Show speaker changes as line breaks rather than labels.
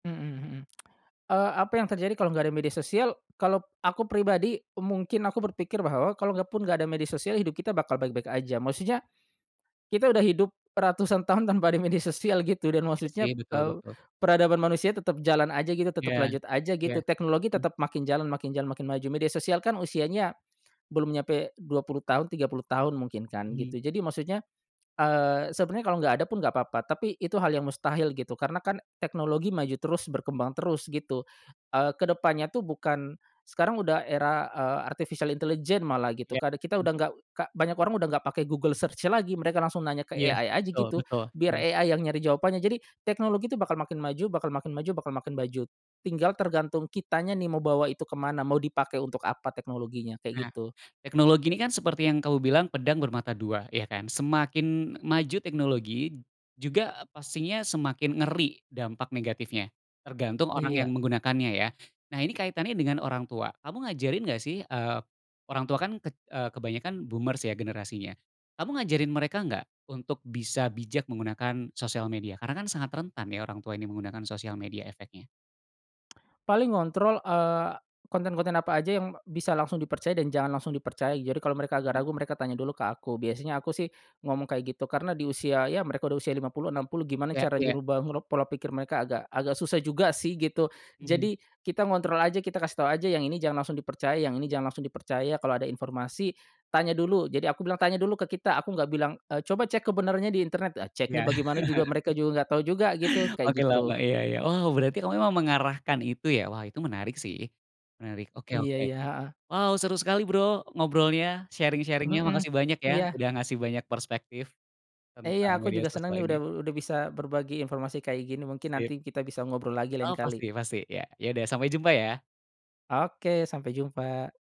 Heeh heeh, eee, apa yang terjadi kalo enggak ada media sosial? Kalo aku pribadi, mungkin aku berpikir bahwa kalo enggak pun enggak ada media sosial hidup kita bakal baik-baik aja. Maksudnya, kita udah hidup ratusan tahun tanpa ada media sosial gitu dan
Iya sih.
maksudnya,
Betul
eee,
betul.
peradaban manusia tetep jalan aja gitu tetep
Iya,
lanjut aja
ya,
gitu teknologi
hmm.
tetep makin jalan, makin jalan, makin maju, media sosial kan usianya belum nyampe 20 tahun, 30 tahun mungkin kan,
Mhm.
gitu jadi maksudnya eee, sebenernya kalo enggak ada pun enggak papa, tapi itu hal yang mustahil gitu, karena kan teknologi maju terus berkembang terus gitu, eee, kedepannya tuh bukan sekarang udah era eee, artificial intelligence malah gitu,
Ya,
karena kita
heeh.
udah enggak banyak orang udah enggak pake Google Search lagi mereka langsung nanya ke
Ya,
AI aja
betul
gitu,
betul,
biar
heeh.
AI yang nyari jawabannya jadi teknologi itu bakal makin maju, bakal makin maju, bakal makin maju, tinggal tergantung kitanya nih mau bawa itu kemana? Mau dipakai untuk apa teknologinya,
Nah
kayak gitu.
teknologi ini kan seperti yang kamu bilang pedang bermata 2, ya kan? Semakin maju teknologi juga pastinya semakin ngeri dampak negatifnya, tergantung orang
Iya.
yang menggunakannya ya. Nah ini kaitannya dengan orang tua. Kamu ngajarin enggak sih, eee, orang tua kan eee, kebanyakan boomers ya generasinya. Kamu ngajarin mereka enggak untuk bisa bijak menggunakan sosial media? Karena kan sangat rentan ya orang tua ini menggunakan sosial media efeknya.
Paling ngontrol eee, konten-konten apa aja yang bisa langsung dipercaya dan jangan langsung dipercaya. Jadi, kalau mereka agak
Mhm.
ragu mereka tanya dulu ke aku. Biasanya aku sih ngomong kayak gitu. Karena di usia ya mereka udah usia 50 60 gimana
Ya,
cara
ya.
nyuruh bangkrut pola pikir mereka agak agak susah juga sih gitu.
Mhm.
Jadi, kita ngontrol aja kita kasih tahu aja yang ini jangan langsung dipercaya, yang ini jangan langsung dipercaya, kalau ada informasi tanya dulu, jadi aku bilang, tanya dulu ke kita aku enggak bilang eee, coba cek kebenarannya di internet. Nah ceknya
[unintelligible]
bagaimana juga, mereka juga enggak tahu juga gitu, kayak
Oke lama
gitu.
iya, iya. Wow, berarti kamu memang mengarahkan itu ya. Wah, itu menarik sih, menarik oke,
Iya
oke.
iya heeh.
Wow seru sekali bro ngobrolnya sharing-sharing-nya
Heeh,
makasih banyak ya,
iya.
udah ngasih banyak perspektif
Iya
tentang
aku
media
juga senang
sosial
nih udah
ini.
udah bisa berbagi informasi kayak gini, mungkin nanti
Sip.
kita bisa ngobrol lagi
Oh
lain kali.
pasti pasti, ya, yaudah sampai jumpa ya!
Oke, sampai jumpa.